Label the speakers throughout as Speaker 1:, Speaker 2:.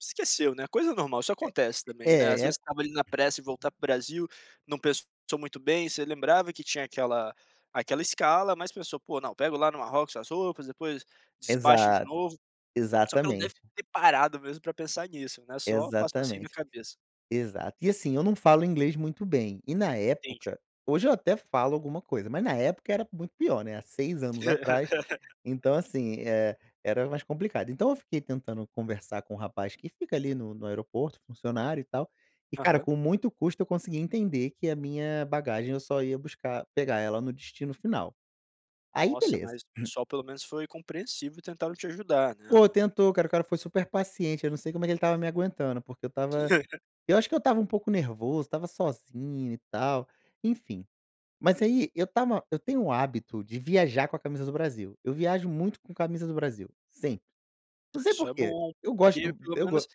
Speaker 1: Esqueceu, né, coisa normal, isso acontece também,
Speaker 2: É
Speaker 1: né. Às
Speaker 2: é
Speaker 1: vezes, você
Speaker 2: co
Speaker 1: estava ali na pressa em voltar para o Brasil, não pensou muito bem. Você lembrava que tinha aquela aquela escala, mas pensou: "Pô, não, pega lá no Marrocos as roupas, depois despacho de
Speaker 2: Exato.
Speaker 1: novo". Só que não deve
Speaker 2: Exatamente.
Speaker 1: ter parado, mesmo para pensar nisso, né, só passou assim, na
Speaker 2: Exatamente.
Speaker 1: cabeça.
Speaker 2: Exato. E, assim, eu não falo inglês muito bem, e na
Speaker 1: Entendi.
Speaker 2: época hoje eu até falo alguma coisa, mas na época era muito pior, né, há 6 anos atrás, então, assim, eh, era mais complicado. Então, eu fiquei tentando conversar com o rapaz que fica ali no no aeroporto, funcionário e tal, e, cara,
Speaker 1: Aham.
Speaker 2: com muito custo eu consegui entender que a minha bagagem eu só ia buscar pegar ela no destino final. Aí,
Speaker 1: Nossa,
Speaker 2: beleza.
Speaker 1: mas o pessoal pelo menos foi compreensível e tentaram te ajudar, né,
Speaker 2: Ô,
Speaker 1: no
Speaker 2: tentou, cara, o cara foi super paciente. Eu não sei como é que ele estava me aguentando, porque eu estava eu acho que eu estava um pouco nervoso, estava sozinho e tal, enfim. Mas, aí, eu estava eu tenho o hábito de viajar com a camisa do Brasil, eu viajo muito com camisa do Brasil, sempre. Não sei
Speaker 1: Isso é
Speaker 2: porquê.
Speaker 1: bom
Speaker 2: Eu gosto
Speaker 1: porque,
Speaker 2: do
Speaker 1: pelo
Speaker 2: eu go
Speaker 1: menos,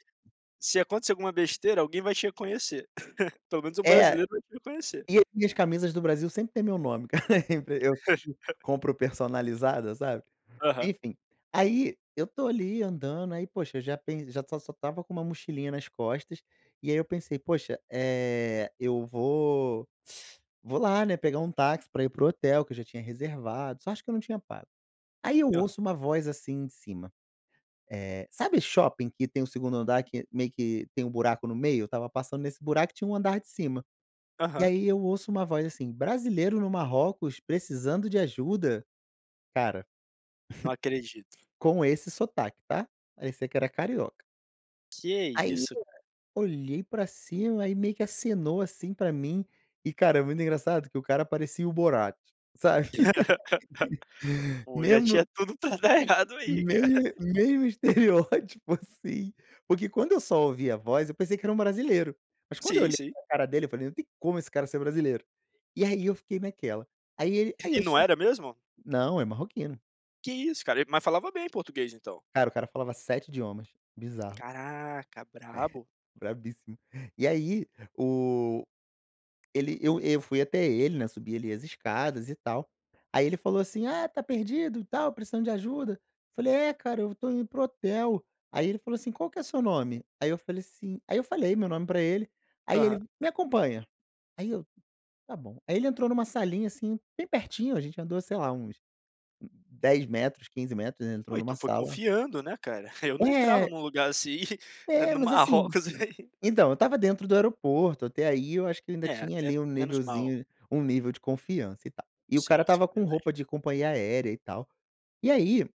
Speaker 1: se acontecer alguma besteira, alguém vai te reconhecer. Pelo menos um
Speaker 2: É.
Speaker 1: brasileiro vai te reconhecer.
Speaker 2: E eu minhas camisas do Brasil sempre têm meu nome, cara, eu p eu compro personalizada, sabe.
Speaker 1: Aham.
Speaker 2: Enfim, aí, eu estou ali andando, aí poxa, eu já pen já só só estava com uma mochilinha nas costas, e aí eu pensei: "Poxa, eh, eu vou vou lá, né, pegar um táxi para ir para o hotel". Que eu já tinha reservado, só acho que eu não tinha pago. Aí, eu
Speaker 1: Aham.
Speaker 2: ouço uma voz, assim, em cima. Eh, sabe shopping que tem o 2º andar que, meio que tem um buraco no meio? Eu estava passando nesse buraco e tinha um andar de cima. E,
Speaker 1: Aham.
Speaker 2: aí, eu ouço uma voz assim: "Brasileiro no Marrocos precisando de ajuda?" Cara,
Speaker 1: Não acredito.
Speaker 2: com esse sotaque, tá? Parecia que era carioca.
Speaker 1: Que
Speaker 2: Aí,
Speaker 1: isso,
Speaker 2: eu
Speaker 1: cara.
Speaker 2: olhei para cima, aí meio que acenou assim para mim. E, cara, é muito engraçado que o cara parecia o Borat, sabe.
Speaker 1: Pô, já
Speaker 2: Mesmo
Speaker 1: tinha tudo para dar errado aí, cara.
Speaker 2: mesmo mesmo estereótipo, assim, porque, quando eu só ouvi a voz, eu pensei que era um brasileiro, mas quando eu
Speaker 1: Sim,
Speaker 2: olhei
Speaker 1: sim.
Speaker 2: para cara dele, eu falei: "Não tem como esse cara ser brasileiro". E aí eu fiquei naquela. Aí ele aí
Speaker 1: E
Speaker 2: eu
Speaker 1: não
Speaker 2: sub
Speaker 1: era mesmo?
Speaker 2: Não, é marroquino.
Speaker 1: Que isso, cara, mas falava bem português, então?
Speaker 2: Cara, o cara falava 7 idiomas, bizarro.
Speaker 1: Caraca.
Speaker 2: É,
Speaker 1: Brabo.
Speaker 2: bravissimo. E aí o ele eu eu fui até ele, né. Subi ali as escadas e tal, aí ele falou assim: "Ah, está perdido e tal, precisando de ajuda?" Eu falei: "É, cara, eu estou indo para o hotel". Aí, ele falou assim: "Qual que é seu nome?" Aí, eu falei, assim aí eu falei meu nome para ele, aí
Speaker 1: Aham.
Speaker 2: ele: "Me acompanha". Aí eu: "Tá bom." Aí ele entrou em uma salinha, assim, bem pertinho, a gente andou, sei lá, uns 10 metros, 15 metros, ele
Speaker 1: Po,
Speaker 2: entrou em
Speaker 1: e tu
Speaker 2: uma
Speaker 1: foi
Speaker 2: sala
Speaker 1: confiando, né, cara. Eu não entrava
Speaker 2: É.
Speaker 1: num lugar assim, eh,
Speaker 2: É,
Speaker 1: no
Speaker 2: mas assim
Speaker 1: Marrocos.
Speaker 2: então, eu estava dentro do aeroporto, até aí eu acho que ainda
Speaker 1: É,
Speaker 2: tinha ali
Speaker 1: até
Speaker 2: um
Speaker 1: menos mal.
Speaker 2: nívelzinho um nível de confiança e tal, e o cara
Speaker 1: Sim, sim,
Speaker 2: estava com
Speaker 1: verdade.
Speaker 2: roupa de companhia aérea e tal. E aí